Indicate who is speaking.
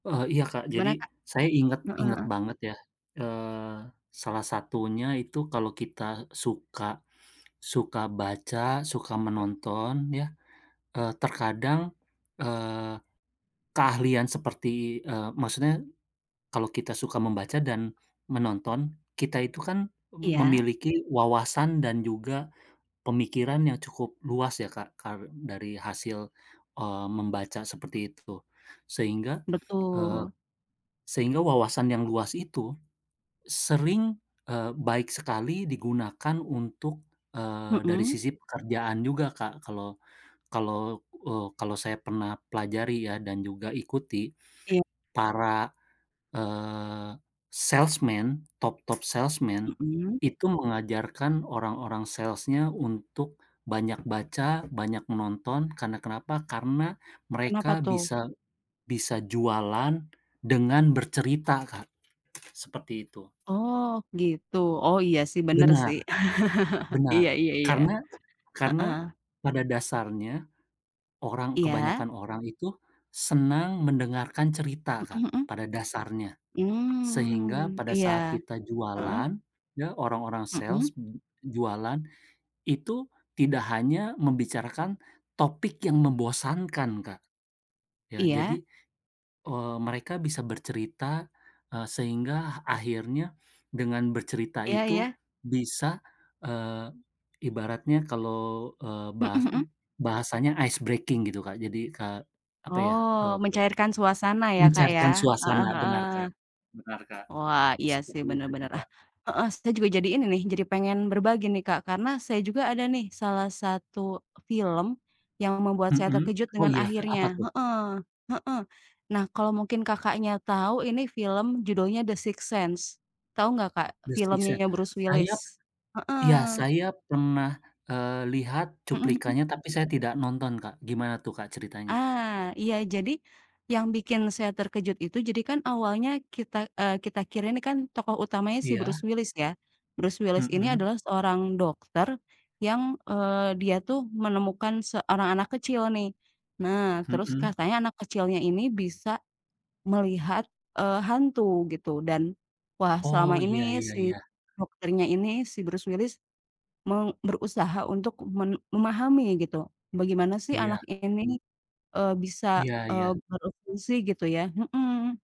Speaker 1: Oh iya Kak, jadi,
Speaker 2: Gimana, Kak?
Speaker 1: saya inget
Speaker 2: Heeh
Speaker 1: inget
Speaker 2: heeh.
Speaker 1: banget ya, eee, salah satunya itu kalau kita suka suka baca, suka menonton ya, eee, terkadang, eee, keahlian seperti eee, maksudnya, kalau kita suka membaca dan menonton, kita itu kan
Speaker 2: Iya.
Speaker 1: memiliki wawasan dan juga pemikiran yang cukup luas ya Kak, karen dari hasil, eee, membaca seperti itu. Sehingga eee,
Speaker 2: Betul.
Speaker 1: sehingga wawasan yang luas itu, sering eee, baik sekali digunakan untuk, eee, dari
Speaker 2: Mhm.
Speaker 1: sisi pekerjaan juga Kak, kalau kalau eee, kalau saya pernah pelajari ya dan juga ikuti,
Speaker 2: Iya.
Speaker 1: para, eee, salesman top top salesman,
Speaker 2: Mhm.
Speaker 1: itu mengajarkan orang-orang sales-nya untuk banyak baca, banyak menonton, karena kenapa? Karena
Speaker 2: Kenapa
Speaker 1: mereka
Speaker 2: tuh?
Speaker 1: bisa bisa jualan dengan bercerita, Kak, seperti itu.
Speaker 2: Oh, gitu? Oh, iya sih, bener
Speaker 1: Benar,
Speaker 2: sih,
Speaker 1: benar,
Speaker 2: iya iya iya,
Speaker 1: karena karena,
Speaker 2: heeh.
Speaker 1: pada dasarnya, orang
Speaker 2: Iya.
Speaker 1: kebanyakan orang itu senang mendengarkan cerita,
Speaker 2: Mhm
Speaker 1: Kak,
Speaker 2: mhm.
Speaker 1: pada dasarnya. Sehingga
Speaker 2: Mmm,
Speaker 1: pada
Speaker 2: iya,
Speaker 1: saat kita
Speaker 2: heeh.
Speaker 1: jualan, ya orang-orang
Speaker 2: Mhm.
Speaker 1: sales j jualan, itu tidak hanya membicarakan topik yang membosankan, Kak. Ya,
Speaker 2: Iya.
Speaker 1: jadi, eee, mereka bisa bercerita, eee, sehingga akhirnya dengan bercerita
Speaker 2: Iya
Speaker 1: itu
Speaker 2: iya.
Speaker 1: bisa, eee, ibaratnya kalau, eee,
Speaker 2: Mhm
Speaker 1: bahas
Speaker 2: mhm.
Speaker 1: bahasanya ice breaking gitu Kak, jadi ka apa ya, eee,
Speaker 2: Oh, mencairkan suasana ya Kak,
Speaker 1: mencairkan
Speaker 2: ya? Heeh
Speaker 1: suasana
Speaker 2: heeh.
Speaker 1: benar Kak benar Kak,
Speaker 2: Wah, iya sih,
Speaker 1: seperti
Speaker 2: bener
Speaker 1: itu sih
Speaker 2: bener, ah,
Speaker 1: Kak.
Speaker 2: heeh, saya juga jadi ini nih, jadi pengen berbagi nih Kak, karena saya juga ada nih salah satu film, yang membuat saya
Speaker 1: Mhm,
Speaker 2: terkejut
Speaker 1: oh
Speaker 2: dengan
Speaker 1: iya, apa
Speaker 2: akhirnya,
Speaker 1: tuh?
Speaker 2: heeh heeh. Nah kalo mungkin Kakaknya, tau ini film judulnya The Sixth Sense, tau gak Kak,
Speaker 1: The Sixth
Speaker 2: filmnya
Speaker 1: Sense,
Speaker 2: yang Bruce
Speaker 1: saya
Speaker 2: Willis? Heeh.
Speaker 1: iya, saya pernah, eee, lihat
Speaker 2: Mhm mhm.
Speaker 1: cuplikannya tapi saya tidak nonton Kak, gimana tuh Kak, ceritanya?
Speaker 2: Ah, iya jadi, yang bikin saya terkejut itu, jadi kan awalnya kita eee, kita kira ini kan tokoh utamanya si
Speaker 1: Iya.
Speaker 2: Bruce Willis ya. Bruce Willis ini
Speaker 1: Mhm.
Speaker 2: adalah seorang dokter yang, eee, dia tuh menemukan seorang anak kecil nih, nah terus
Speaker 1: Mhm.
Speaker 2: katanya anak kecilnya ini bisa melihat, eee, hantu gitu dan wah, selama
Speaker 1: Oh,
Speaker 2: ini
Speaker 1: iya iya
Speaker 2: si
Speaker 1: iya.
Speaker 2: dokternya ini, si Bruce Willis, meng berusaha untuk men memahami gitu bagaimana sih anak
Speaker 1: Iya.
Speaker 2: ini, eee, bisa,
Speaker 1: Iya
Speaker 2: eee,
Speaker 1: iya.
Speaker 2: berfungsi gitu ya, mhm.